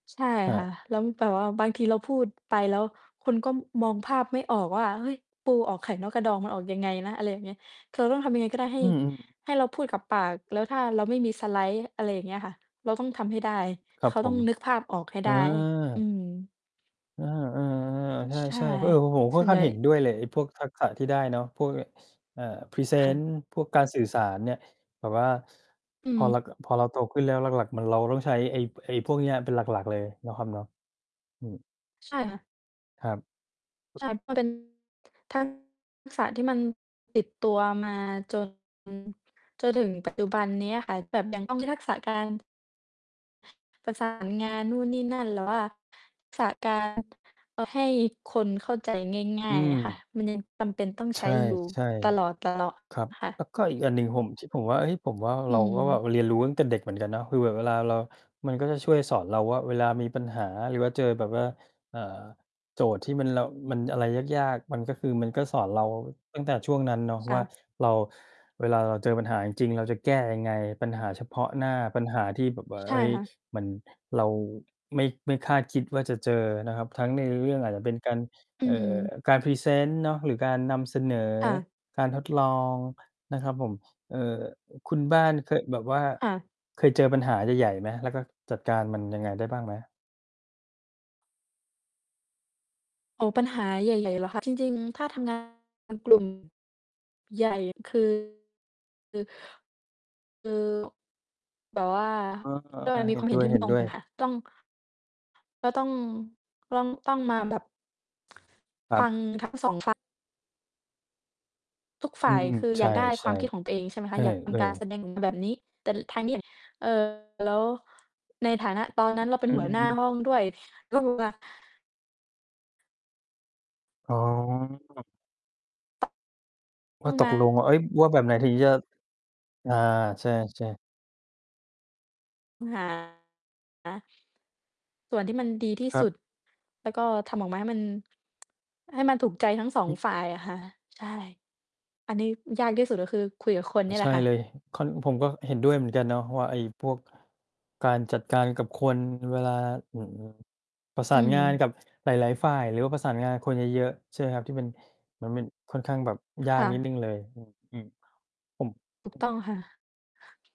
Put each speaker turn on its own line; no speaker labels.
ใช่
อ
ค่ะ
า
แล้วแต่แบบว่าบางทีเราพูดไปแล้ว คนก็มองภาพไม่ออกว่า "เฮ้ย ปูออกไข่นอกกระดอง มันออกยังไงนะ" อะไรอย่างเงี้ย คือเราต้องทำยังไงก็ได้ ให
อ
้
ืม ๆ
ให้เราพูดกับปาก แล้วถ้าเราไม่มีสไลด์ อะไรอย่างเงี้ยค่ะ เราต้องทำให้ได้
ค
เ
ร
ข
ับ
า
ผ
ต้อง
ม
นึกภาพออกให้
เ
ไ
อ
ด้ อื
อ
ม
เออ
ใ
ๆ
ช
ๆ
่
ใช่ ๆ เออ ผ ผม
ส
ค่
่
อ
ว
น
น
ข
ใ
้
ห
า
ญ
ง
่
เห็นด้วยเลย ไอ้พวกทักษะที่ได้เนาะ พวกเนี้ย ส เอ่อ พรีเซ
ค่
น
ะ
ต์ พวกการสื่อสารเนี่ย แบบว่า ส
อื
พอเรา
ม
ก พอเราโตขึ้นแล้ว หลัก ๆ มัน เราต้องใช้ ไอ้ ไอ้พวกเนี้ย เป็นหลัก ๆ เลยเนาะครับเนาะ อืม
ใช่ค่ะ
ครับ
ใช่ มัน เป็นทัก ษะที่มันติดตัวมา จน จนถึง ปัจจุบันนี้อะค่ะ แบบยังต้องมี ทักษะ การ ประ สาน งานนู่นนี่นั่น หรือว่าทักษะ การ เอ่อ ให้คนเข้าใจง่
อ
า
ื
ย ๆ อะค่ะ
ม
มันยังจำเป็นต้อง
ใ
ใ
ช
ช้
่
อยู่
ใช่
ตลอด
ครับ
ๆ ค่
แ
ะ
ล้วก็อีกอันหนึ่ง ผม ช ผมว่า เฮ้ย ผมว่า
อ
เ
ื
ราก็แบบเรีย
ม
นรู้ตั้งแต่เด็กเหมือนกันเนาะ คือแบบเวลาเรา มันก็จะช่วยสอนเราว่า เวลามีปัญหา หรือว่าเจอแบบว่า เอ่อ โจทย์ที่มัน เรา อืม มันอะไรยาก ๆ มันก็คือมันก็สอนเราตั้งแต่ช่วงนั้นเนาะ
ค
ว
่
่า
ะ
เรา เวลาเราเจอปัญหาจริง ๆ เราจะแก้ยังไง ปัญหาเฉพาะหน้า ปัญหาที่แบบว่า
ใช
เ
่
ฮ้ย
ค่ะ
มัน เราไม่ ไม่คาดคิดว่าจะเจอนะครับ ทั้งในเรื่อง อาจจะเป็นการ
อื
เอ่อ
ม
การพรีเซนต์เนาะ หรือการนำเสนอ
ค่ะ
การทดลอง นะครับผม เอ่อ คุณบ้านเคยแบบว่า
ค่ะ
เคยเจอปัญหาใหญ่ ๆ ไหม? แล้วก็จัดการมันยังไงได้บ้างไหม?
โอ้ ปัญหาใหญ่ ๆ เหรอคะ? จริง ๆ ถ้าทำ งานกลุ่ม ใหญ่ คือ คือ คือ แบบว่า
เออ
ก็เลย
ๆ
ม
ๆ
ี
เห
ค
็
วา
น
มเห็นที่ไม่ตร
ด
ง
้ว
กั
ย
น
ๆ
ค่ะ ต้อง ก็ต้อง ต้อง ต้องมาแบบ
ค
ฟ
ร
ั
ับ
ง ทั้ง 2 ฝ่าย ทุกฝ
อ
่
ื
าย
ม
คือ
ๆ ใ
อ
ช
ยากได้คว
่
ามคิดของตัวเอง ใช่ไหม
ๆ เ
ค
อ
ะ
อ
อยากทำ การแ
ๆ
สดง แบบนี้ แต่ทางนี้อยาก เอ่อ แล้ว ในฐานะตอนนั้นเราเป็น
อื
หั
อ
วหน้
ฮ
า
ึ
ห้องด้วย ต้อง มา
อ๋อ
ต
ว
้
่
อ
า
ง
ต
ม
กลงว
า
่า เฮ้ย ว่าแบบไหนถึงจะ อา ใช่ ๆ
อืม หา ส่วนที่
คร
มั
ั
น
บ
ดีที่
คร
ส
ั
ุ
บ
ด แล้วก็ทำออกมา ให้มัน ให้มันถูกใจทั้ง 2 ฝ่ายอะค่ะ ใช่ อันนี้ อ ยากที่สุด ก็คือคุยกับคน
อ
เ
๋
น
อ
ี่ยแห
ใ
ล
ช
ะ
่
ค่
เล
ะ
ย ข้อนี้ผมก็เห็นด้วยเหมือนกันเนาะว่า ไอ้พวกการจัดการ กับคนเวลา อือ ประส
อ
า
ื
นงาน
ม
กับหลาย ๆ ฝ่าย หรือว่าประสานงานกับคนเยอะ ๆ ใช่ไหมครับ ที่มัน มันเป็นค่อนข้างแบบยา
ค่
กนิด
ะ
หนึ่งเลย อือ อือ ผม
ถูกต้องค่ะ